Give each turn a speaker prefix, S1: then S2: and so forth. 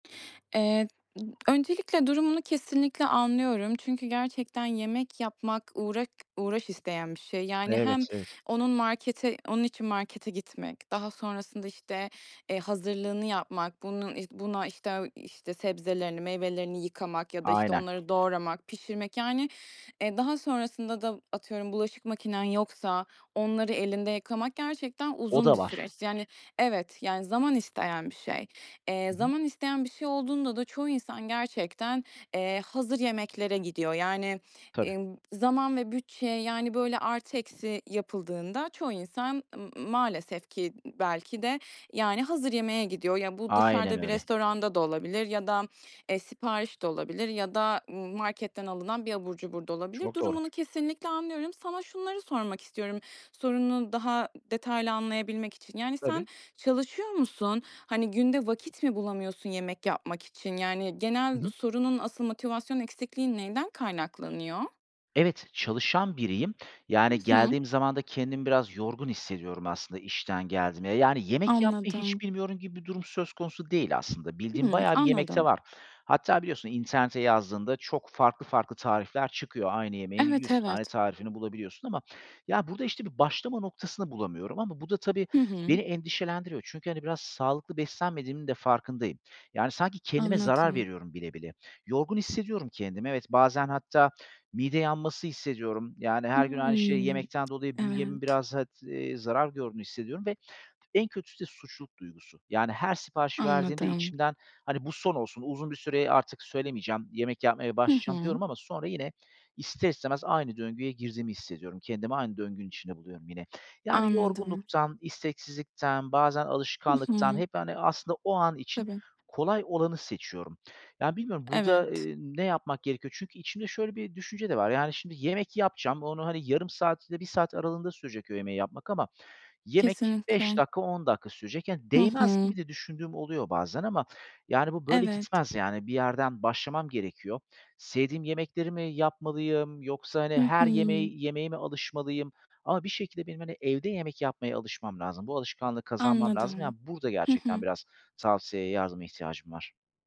S1: Eee, ı öncelikle durumunu kesinlikle anlıyorum. Çünkü gerçekten yemek yapmak uğrak uğraş isteyen bir şey, yani. Hem
S2: Evet, evet.
S1: onun markete onun için markete gitmek, daha sonrasında işte, eee, hazırlığını yapmak, bunun işte buna işte işte sebzelerini, meyvelerini yıkamak ya da işte
S2: Aynen.
S1: onları doğramak, pişirmek yani; e, daha sonrasında da atıyorum, bulaşık makinen yoksa onları elinde yıkamak, gerçekten
S2: O
S1: uzun
S2: da
S1: bir
S2: var.
S1: süreç. Yani, evet, yani, zaman isteyen bir şey. Eee,
S2: Hı hı.
S1: zaman isteyen bir şey olduğunda da çoğu insan gerçekten, eee, hazır yemeklere gidiyor. Yani,
S2: Tabii.
S1: ımm, zaman ve bütçe yani böyle artı, eksi yapıldığında çoğu insan m maalesef ki b belki de yani, hazır yemeğe gidiyor. Ya, bu
S2: Aynen
S1: dışarıda bir
S2: öyle.
S1: restoranda da olabilir ya da, eee, sipariş de olabilir ya da, ımm, marketten alınan bir abur cubur da olabilir.
S2: Çok doğru.
S1: Durumunu kesinlikle anlıyorum. Sana şunları sormak istiyorum, sorununu daha detaylı anlayabilmek için. Yani,
S2: Tabii.
S1: sen çalışıyor musun? Hani, günde vakit mi bulamıyorsun yemek yapmak için? Yani,
S2: Hı
S1: genel
S2: hı.
S1: sorunun asıl motivasyon eksikliğin neyden kaynaklanıyor?
S2: Evet, çalışan biriyim.
S1: Hı
S2: Yani,
S1: hı.
S2: geldiğim zaman da kendimi biraz yorgun hissediyorum aslında, işten geldiğimde. Yani, yemek yapmayı hiç
S1: Anladım.
S2: bilmiyorum gibi bir durum söz konusu değil aslında. Bildiğim
S1: Hıı,
S2: bayağı bir yemek de
S1: anladım.
S2: var. Hatta biliyorsun internete yazdığında çok farklı, farklı tarifler çıkıyor. Aynı yemeğin
S1: Evet,
S2: 100 tane
S1: evet.
S2: tarifini bulabiliyorsun. Ama ya, burada işte bir başlama noktasını bulamıyorum. Ama bu da tabii,
S1: Hı hı.
S2: beni endişelendiriyor. Çünkü hani, biraz sağlıklı beslenmediğimin de farkındayım. Yani, sanki kendime zarar
S1: Anladım.
S2: veriyorum bile bile. Yorgun hissediyorum kendimi. Evet, bazen hatta mide yanması hissediyorum. Yani, her gün aynı şeyi
S1: Hımm,
S2: yemekten dolayı bünyemin
S1: evet.
S2: biraz hat iii, zarar gördüğünü hissediyorum ve en kötüsü de suçluluk duygusu. Yani, her sipariş verdiğimde
S1: Anladım.
S2: içimden, "Hani, bu son olsun. Uzun bir süre artık söylemeyeceğim. Yemek yapmaya
S1: Hı
S2: başlayacağım."
S1: hı.
S2: diyorum ama sonra yine ister istemez aynı döngüye girdiğimi hissediyorum. Kendimi aynı döngünün içinde buluyorum yine. Yani,
S1: Anladım.
S2: yorgunluktan, isteksizlikten, bazen
S1: Hı
S2: alışkanlıktan
S1: hı.
S2: hep, hani, aslında o an için
S1: Tabii.
S2: kolay olanı seçiyorum. Yani, bilmiyorum burada,
S1: Evet.
S2: ııı, ne yapmak gerekiyor? Çünkü içimde şöyle bir düşünce de var; yani, şimdi yemek yapacağım, onu hani, yarım saat ile 1 saat aralığında sürecek o yemeği yapmak ama yemek 5
S1: Kesinlikle.
S2: dakika, 10 dakika sürecek. Yani,
S1: Hı
S2: değmez
S1: hı.
S2: gibi de düşündüğüm oluyor bazen. Ama yani bu böyle
S1: Evet.
S2: gitmez yani, bir yerden başlamam gerekiyor. Sevdiğim yemekleri mi yapmalıyım? Yoksa hani,
S1: Hı
S2: her
S1: hı.
S2: yemeği yemeğe mi alışmalıyım? Ama bir şekilde benim hani, evde yemek yapmaya alışmam lazım. Bu alışkanlığı kazanmam lazım,
S1: Anladım.
S2: yani, burada
S1: Hı
S2: gerçekten
S1: hı.
S2: biraz tavsiyeye, yardıma ihtiyacım var.